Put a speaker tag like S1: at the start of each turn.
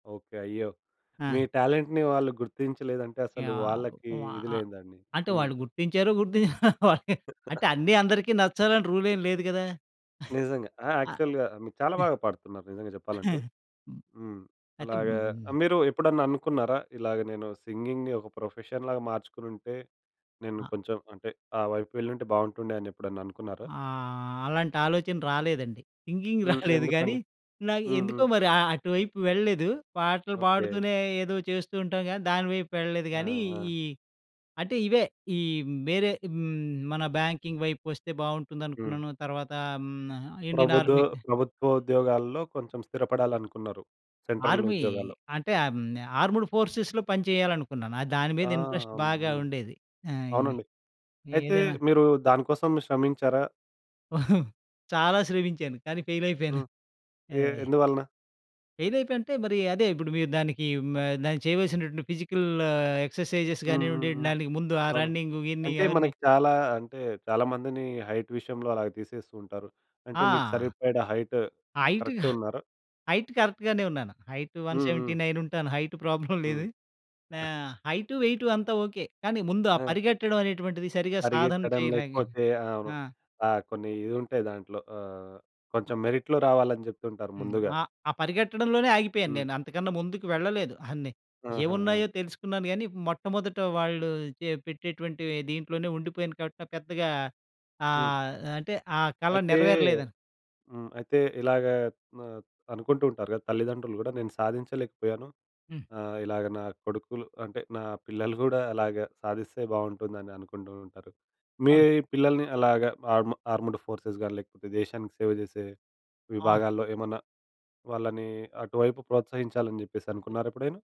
S1: Okay. అయ్యో! మీ
S2: ఆ!
S1: టాలెంట్‌ని వాళ్ళు గుర్తించలేదంటే,
S2: యా
S1: అసలు వాళ్ళకి
S2: వ
S1: ఇది
S2: ఆహ్,
S1: లేందండి.
S2: అంటే
S1: హ్మ్.
S2: వాళ్ళు గుర్తించారు. గుర్తించారు గుర్తి అంటే అన్ని అందరికి నచ్చాలని రూల్ ఏం లేదు గదా!
S1: నిజంగా. ఆ! యాక్చువల్‌గా, మీరు చాలా
S2: ఆహ్
S1: బాగా పాడుతున్నారు నిజంగా చెప్పాలంటే.
S2: హ్మ్.
S1: హ్మ్.
S2: అయితే
S1: అలాగా
S2: హ్మ్.
S1: మీరు ఎప్పుడన్నా అనుకున్నారా, ఇలాగ నేను సింగింగ్‌ని ఒక ప్రొఫెషన్‌ లాగా మార్చుకునుంటే, నేను
S2: అ
S1: కొంచెం అంటే ఆ వైపు వెళ్లుంటే బాగుంటుండే అనెప్పుడైనా అనుకున్నారా?
S2: ఆహ్, అలాంటి ఆలోచన రాలేదండి. సింగింగ్
S1: హ్మ్.
S2: రాలేదు గానీ
S1: ఎందుకండీ?
S2: ఇలాగ
S1: హుహు.
S2: ఎందుకో మరి అ అటువైపు వెళ్ళలేదు. పాటలు
S1: ఓకె.
S2: పాడుతూనే ఏదో చేస్తూ ఉంటాం కానీ, దాని వైపు వెళ్ళలేదు
S1: ఆ!
S2: కానీ
S1: ఆ!
S2: ఈ అంటే ఇవే ఈ వేరే హ్మ్, మన బ్యాంకింగ్ వైపు వస్తే
S1: హ్మ్.
S2: బాగుంటుందనుకున్నాను. తర్వాత హ్మ్, ఇండియన్
S1: ప్రభుదో
S2: ఆర్మీ
S1: ప్రభుత్వ ఉద్యోగాల్లో కొంచెం స్థిరపడాలనుకున్నారు. సెంట్రల్
S2: ఆర్మీ
S1: ఉద్యోగాల్లో.
S2: అంటే ఆహ్, హ్మ్. ఆర్మ్డ్ ఫోర్సెస్‌లో పని చేయాలనుకున్నాను. దాని మీద
S1: ఆ!
S2: ఇంట్రెస్ట్
S1: హ్మ్.
S2: బాగా
S1: హ్మ్.
S2: ఉండేది. ఆహ్,
S1: అవునండి.
S2: ఈ
S1: అయితే
S2: ఏదైనా
S1: మీరు దాని కోసం శ్రమించారా?
S2: చాలా శ్రమించాను. కానీ ఫెయిల్ అయిపోయాను.
S1: హ్మ్.
S2: ఆ!
S1: ఏ? ఎందువలన?
S2: ఫెయిల్ అయిపోయా అంటే మరి అదే ఇప్పుడు మీరు దానికి మ చేయవలసినటువంటి ఫిజికల్ ఎక్సర్సైజెస్
S1: హ్మ్. హ్మ్.
S2: కానివ్వండి
S1: హ్మ్.
S2: దానికి ముందు ఆ
S1: అవును.
S2: రన్నింగ్, గిన్నింగ్
S1: అంటే
S2: అవన్నీ
S1: మనకి చాలా అంటే, చాలా మందిని హైట్ విషయంలో అలాగ తీసేస్తూ ఉంటారు. అంటే మీకు
S2: ఆ!
S1: సరిపడ హైట్
S2: హైట్ కా
S1: కరెక్టే ఉన్నారా?
S2: హైట్ కరెక్ట్ గానే ఉన్నాను. హైట్ వన్
S1: హ్మ్.
S2: సెవెంటీ
S1: హ్మ్.
S2: నైన్ ఉంటాను. హైట్ ప్రాబ్లమ్ లేదు.
S1: హ్మ్.
S2: ఆహ్, హైటు, వెయిటు అంతా ఓకె. కానీ ముందు ఆ
S1: ఆ!
S2: పరిగెట్టడం అనేటువంటిది సరిగా సాధన
S1: పరిగెత్తడం
S2: చేయలేక
S1: లేకపోతే ఆహ్, అవును.
S2: ఆ!
S1: ఆహ్, కొన్ని ఇది ఉంటాయి దాంట్లో. ఆహ్,
S2: అ
S1: కొంచెం మెరిట్‌లో రావాలని చెప్తుంటారు
S2: హ్మ్.
S1: ముందుగా.
S2: ఆహ్, ఆ పరిగెట్టడంలోనే ఆగిపోయాను
S1: హ్మ్.
S2: నేను. అంతకన్నా ముందుకు వెళ్ళలేదు. అన్ని
S1: ఆహా! ఆ!
S2: ఏమున్నాయో తెలుసుకున్నాను గాని మొట్టమొదట వాళ్ళు చె పెట్టేటువంటి దీంట్లోనే ఉండిపోయాను కాబట్టి పెద్దగా
S1: హ్మ్.
S2: ఆహ్, అంటే ఆ కల
S1: అయితే
S2: నెరవేరలేదు.
S1: హ్మ్. అయితే ఇలాగా మ అనుకుంటూ ఉంటారు కదా! తల్లిదండ్రులు కూడా. నేను సాధించలేకపోయాను
S2: హ్మ్.
S1: ఆహ్, ఇలాగ నా కొడుకులు అంటే నా పిల్లలు కూడా అలాగ సాధిస్తే బాగుంటుందని అనుకుంటూ ఉంటారు. మీ
S2: అవును.
S1: పిల్లల్ని అలాగ ఆర్ ఆర్మ్డ్ ఫోర్సెస్ కానీ లేకపోతే దేశానికి సేవ చేసే
S2: ఆ!
S1: విభాగాల్లో ఏమన్నా వాళ్ళని అటువైపు ప్రోత్సహించాలని చెప్పేసి అనుకున్నారా ఎప్పుడైనా?